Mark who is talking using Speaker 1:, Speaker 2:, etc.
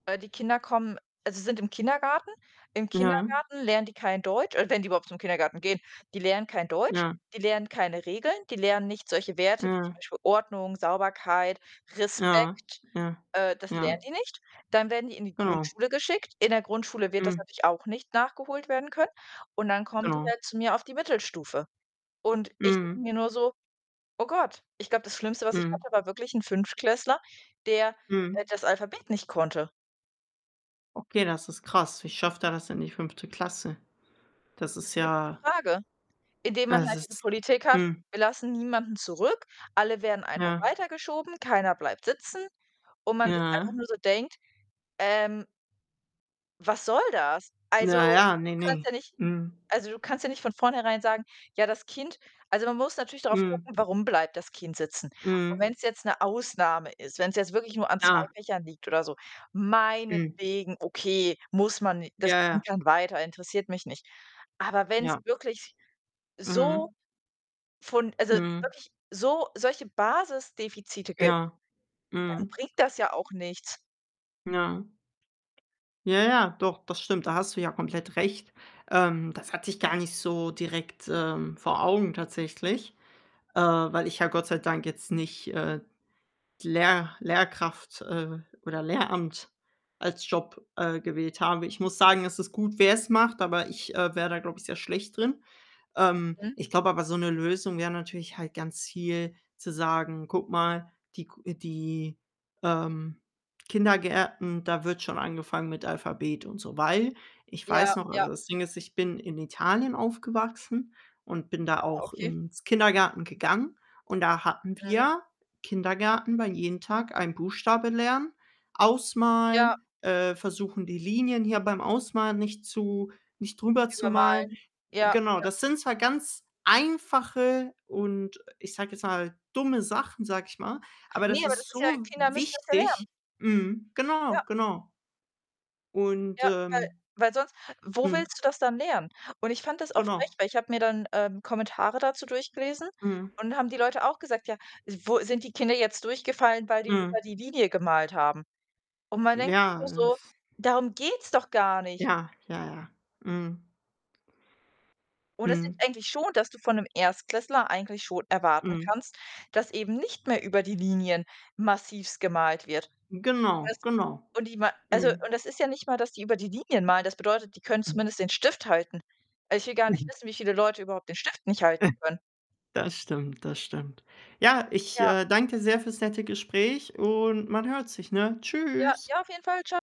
Speaker 1: Äh, die Kinder kommen also, sind im Kindergarten. Im
Speaker 2: Ja.
Speaker 1: Kindergarten lernen die kein Deutsch oder wenn die überhaupt zum Kindergarten gehen, die lernen kein Deutsch,
Speaker 2: Ja.
Speaker 1: die lernen keine Regeln, die lernen nicht solche Werte wie zum
Speaker 2: Ja.
Speaker 1: Beispiel Ordnung, Sauberkeit,
Speaker 2: Ja.
Speaker 1: Respekt,
Speaker 2: Ja.
Speaker 1: äh, das lernen
Speaker 2: Ja.
Speaker 1: die nicht. Dann werden die in die
Speaker 2: Genau.
Speaker 1: Grundschule geschickt. In der Grundschule wird das
Speaker 2: Mhm.
Speaker 1: natürlich auch nicht nachgeholt werden können. Und dann kommen die
Speaker 2: Genau.
Speaker 1: halt zu mir auf die Mittelstufe. Und ich denke
Speaker 2: Mhm.
Speaker 1: mir nur so: „Oh Gott.“ Ich glaube, das Schlimmste, was ich
Speaker 2: Mhm.
Speaker 1: hatte, war wirklich 'n Fünftklässler, der der
Speaker 2: Mhm.
Speaker 1: das Alphabet nicht konnte.
Speaker 2: Okay, das ist krass. Wie schafft er das in die 5. Klasse. Das
Speaker 1: Das
Speaker 2: ist
Speaker 1: ist 'ne gute
Speaker 2: ja
Speaker 1: Frage, indem
Speaker 2: Ja,
Speaker 1: man
Speaker 2: das
Speaker 1: halt diese
Speaker 2: ist
Speaker 1: Politik hat:
Speaker 2: mhm.
Speaker 1: „Wir lassen niemanden zurück. Alle werden einfach
Speaker 2: Ja.
Speaker 1: weitergeschoben. Keiner bleibt sitzen“, und man sich einfach
Speaker 2: Ja.
Speaker 1: nur so denkt, ähm „Was soll das?“ Also,
Speaker 2: Ja, ja, ne,
Speaker 1: du
Speaker 2: ne.
Speaker 1: kannst ja nicht
Speaker 2: Mhm.
Speaker 1: also, du kannst ja nicht von vornherein sagen: „Ja, das Kind“ also, man muss natürlich darauf
Speaker 2: Mhm.
Speaker 1: gucken, warum bleibt das Kind sitzen? Und
Speaker 2: Mhm.
Speaker 1: wenn's jetzt 'ne Ausnahme ist, wenn's jetzt wirklich nur an 2
Speaker 2: Klar.
Speaker 1: Fächern liegt oder so,
Speaker 2: Mhm.
Speaker 1: meinetwegen, okay, muss man ni das
Speaker 2: Ja, ja.
Speaker 1: Kind kann weiter, interessiert mich nicht. Aber wenn's
Speaker 2: Ja.
Speaker 1: wirklich so
Speaker 2: Mhm.
Speaker 1: von also,
Speaker 2: Mhm.
Speaker 1: wirklich so solche Basisdefizite gibt,
Speaker 2: Ja,
Speaker 1: dann
Speaker 2: mhm.
Speaker 1: bringt das ja auch nichts.
Speaker 2: Ja. Ja, ja, doch, das stimmt. Da hast du ja komplett recht. Ähm, das hatte ich gar nicht so direkt, ähm, vor Augen tatsächlich, äh, weil ich ja Gott sei Dank jetzt nicht, äh, die Lehr Lehrkraft, äh, oder Lehramt als Job, äh, gewählt habe. Ich muss sagen, es ist gut, wer's macht, aber ich, äh, wäre da, glaube ich, sehr schlecht drin. Ähm,
Speaker 1: Mhm.
Speaker 2: ich glaube aber, so 'ne Lösung wäre natürlich halt ganz viel zu sagen: „Guck mal, die g die, ähm, Kindergärten, da wird schon angefangen mit Alphabet und so.“ Weil ich
Speaker 1: Ja,
Speaker 2: weiß noch
Speaker 1: ja.
Speaker 2: also, das Ding ist, ich bin in Italien aufgewachsen und bin da
Speaker 1: Ah,
Speaker 2: auch
Speaker 1: okay.
Speaker 2: ins Kindergarten gegangen. Und da hatten
Speaker 1: Mhm.
Speaker 2: wir Kindergarten war jeden Tag ein Buchstabe lernen,
Speaker 1: Ja.
Speaker 2: ausmalen, äh, versuchen, die Linien hier beim Ausmalen nicht zu nicht drüber zu malen.
Speaker 1: Übermalen. Ja,
Speaker 2: Genau,
Speaker 1: ja.
Speaker 2: das sind zwar ganz einfache und, ich sage jetzt mal, dumme Sachen, sage ich mal, aber das
Speaker 1: Ne, aber das
Speaker 2: ist
Speaker 1: ist ja
Speaker 2: so
Speaker 1: Kinder müssen das ja lernen.
Speaker 2: wichtig. Mhm,
Speaker 1: Ja.
Speaker 2: genau, genau. Und,
Speaker 1: Ja, weil
Speaker 2: ähm
Speaker 1: weil sonst wo
Speaker 2: Mhm.
Speaker 1: willst du das dann lernen? Und ich fand das auch frech,
Speaker 2: Genau.
Speaker 1: weil ich habe mir dann, ähm, Kommentare dazu durchgelesen
Speaker 2: Mhm.
Speaker 1: und dann haben die Leute auch gesagt, ja, wo „Sind die Kinder jetzt durchgefallen, weil die
Speaker 2: Mhm.
Speaker 1: über die Linie gemalt haben?“ Und man denkt sich
Speaker 2: Ja,
Speaker 1: nur
Speaker 2: äh,
Speaker 1: so:
Speaker 2: f
Speaker 1: „Darum geht's doch gar nicht.“
Speaker 2: ja, ja, ja. Mhm.
Speaker 1: Und es sind
Speaker 2: Mhm.
Speaker 1: eigentlich schon dass du von 'nem Erstklässler eigentlich schon erwarten
Speaker 2: Mhm.
Speaker 1: kannst, dass eben nicht mehr über die Linien massivst gemalt wird. Das
Speaker 2: Genau, genau.
Speaker 1: und die mal also,
Speaker 2: Mhm.
Speaker 1: und das ist ja nicht mal, dass die über die Linien malen. Das bedeutet, die können zumindest den Stift halten. Weil ich will gar nicht wissen, wie viele Leute überhaupt den Stift nicht halten können.
Speaker 2: Das stimmt, das stimmt. Ja, ich,
Speaker 1: Ja.
Speaker 2: äh, danke dir sehr fürs nette Gespräch und man hört sich, ne?
Speaker 1: Ja,
Speaker 2: Tschüss.
Speaker 1: ja, auf jeden Fall. Tscha